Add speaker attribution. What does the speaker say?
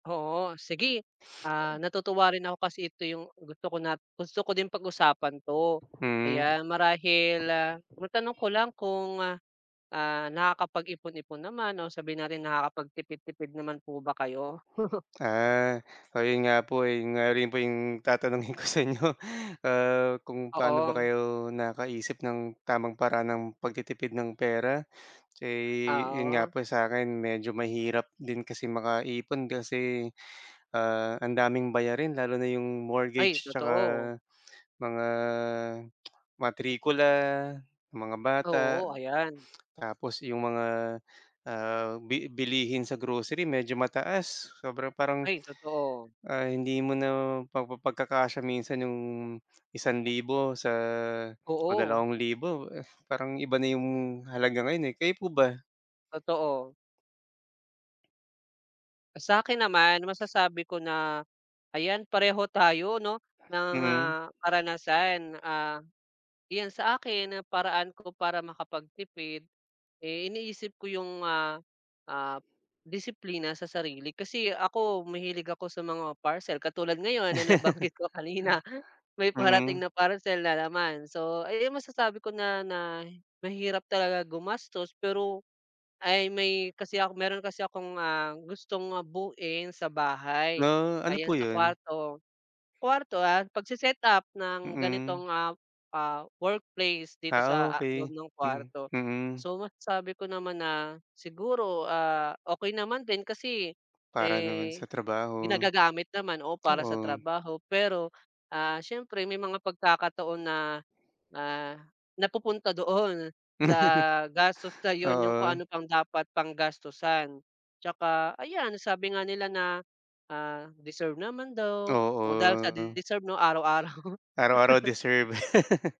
Speaker 1: Oo sige, ah, natutuwa rin ako kasi ito yung gusto ko na gusto ko din pag-usapan 'to
Speaker 2: Mm.
Speaker 1: kaya marahil, ah, matanong ko lang kung, ah, nakakapag-ipon-ipon naman o sabihin natin nakakapagtipid-tipid naman po ba kayo?
Speaker 2: Ah, o yun nga po, eh, yun nga rin po yung tatanungin ko sa inyo, ah, kung paano ba
Speaker 1: Oo.
Speaker 2: kayo nakaisip ng tamang paraan ng pagtitipid ng pera. Eh, yun nga
Speaker 1: Oo.
Speaker 2: po sa'kin medyo mahirap din kasi makaipon kasi, ah, ang daming bayarin lalo na yung
Speaker 1: Ay
Speaker 2: mortgage tsaka
Speaker 1: totoo.
Speaker 2: mga matrikula, mga bata,
Speaker 1: Oo ayan.
Speaker 2: tapos yung mga, ah, bi bilihin sa grocery medyo mataas sobra parang,
Speaker 1: Ay totoo.
Speaker 2: ah, hindi mo na pagpapagkakasya minsan yung 1,000 sa o
Speaker 1: Oo.
Speaker 2: 2,000, eh, parang iba na yung halaga ngayon, eh, kayo po ba?
Speaker 1: Totoo. Ah, sa'kin naman masasabi ko na ayan pareho tayo 'no ng,
Speaker 2: Mhm.
Speaker 1: ah, karanasan, ah, iyan sa akin ang paraan ko para makapagtipid, eh, iniisip ko yung, ah, ah, disiplina sa sarili. Kasi ako mahilig ako sa mga parcel katulad ngayon na nabanggit ko kanina may
Speaker 2: Mm.
Speaker 1: parating na parcel na naman. So ay ay masasabi ko na na mahirap talaga gumastos pero, ay may kasi ako meron kasi akong, ah, gustong buoin sa bahay,
Speaker 2: Mga, ano
Speaker 1: ayan
Speaker 2: po
Speaker 1: sa
Speaker 2: 'yon?
Speaker 1: kuwarto, kuwarto, ah, pagse-setup ng
Speaker 2: Mm
Speaker 1: ganitong, ah, ah, workplace dito
Speaker 2: Ah,
Speaker 1: sa, ah, loob
Speaker 2: okey,
Speaker 1: ng
Speaker 2: mm
Speaker 1: kuwarto
Speaker 2: mm.
Speaker 1: so masasabi sabi ko naman na siguro, ah, okey naman din kasi,
Speaker 2: Para naman sa
Speaker 1: eh,
Speaker 2: trabaho.
Speaker 1: ginagagamit naman o para sa
Speaker 2: Oo.
Speaker 1: trabaho pero, ah, siyempre may mga pagkakataon na, ah, napupunta doon sa gastos, sa yun yung kung ano
Speaker 2: Oo.
Speaker 1: pang dapat pang gastusan. Tsaka ayan sabi nga nila na, ah, deserve naman daw o dahil sa
Speaker 2: Oo.
Speaker 1: deserve 'no araw araw.
Speaker 2: Araw-araw deserve.